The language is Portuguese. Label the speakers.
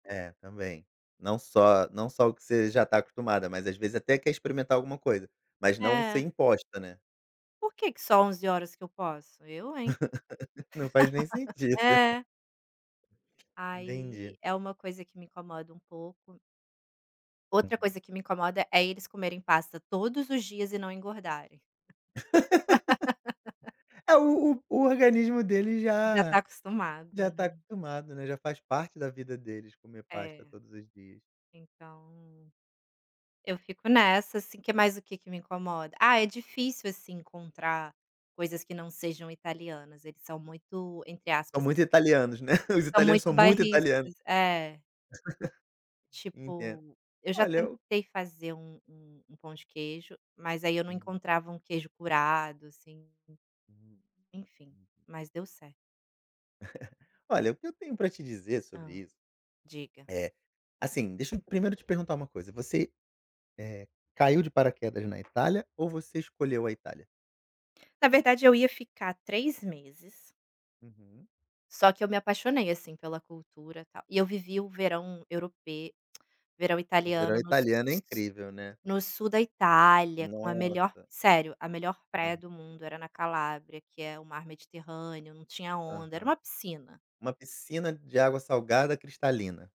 Speaker 1: É, também. Não só não só o que você já tá acostumada, mas às vezes até quer experimentar alguma coisa, mas não ser
Speaker 2: É.
Speaker 1: imposta, né.
Speaker 2: Por que que só 11h que eu posso? Eu hein?
Speaker 1: Não faz nem sentido.
Speaker 2: É. Aí
Speaker 1: Entendi.
Speaker 2: é uma coisa que me incomoda um pouco. Outra
Speaker 1: Uhum.
Speaker 2: coisa que me incomoda, é eles comerem pasta todos os dias e não engordarem.
Speaker 1: É, o o organismo deles
Speaker 2: Já tá
Speaker 1: já
Speaker 2: acostumado,
Speaker 1: já tá
Speaker 2: né.
Speaker 1: acostumado, né, já faz parte da vida deles comer pasta
Speaker 2: É,
Speaker 1: todos os dias.
Speaker 2: então eu fico nessa, assim, que mais o que que me incomoda? Ah, é difícil, assim, encontrar coisas que não sejam italianas, eles são muito, entre
Speaker 1: São
Speaker 2: aspas
Speaker 1: muito italianos, né, os
Speaker 2: São
Speaker 1: italianos
Speaker 2: muito
Speaker 1: são muito italiano.
Speaker 2: bairristas, é.
Speaker 1: Enten
Speaker 2: Tipo, eu já
Speaker 1: olha, eu
Speaker 2: tentei fazer um um um pão de queijo, mas aí eu não
Speaker 1: Hum.
Speaker 2: encontrava um queijo curado, assim.
Speaker 1: Uhum.
Speaker 2: Enfim,
Speaker 1: Hum.
Speaker 2: mas deu certo.
Speaker 1: Olha, o que eu tenho pra te dizer sobre
Speaker 2: Hã,
Speaker 1: isso,
Speaker 2: diga.
Speaker 1: eh, assim, deixa eu primeiro te perguntar uma coisa, você, eh, caiu de paraquedas na Itália ou você escolheu a Itália?
Speaker 2: Na verdade eu ia ficar 3 meses
Speaker 1: Uhum.
Speaker 2: só que eu me apaixonei, assim, pela cultura, tal e eu vivi o verão europe verão
Speaker 1: O verão
Speaker 2: italiano no su
Speaker 1: italiano é incrível, né.
Speaker 2: no sul da Itália, com a melhor,
Speaker 1: Nossa.
Speaker 2: sério, a melhor praia
Speaker 1: Hã.
Speaker 2: do mundo era na Calábria, que é o mar mediterrâneo. Não tinha onda, era uma
Speaker 1: Aham.
Speaker 2: piscina.
Speaker 1: Uma piscina de água salgada cristalina.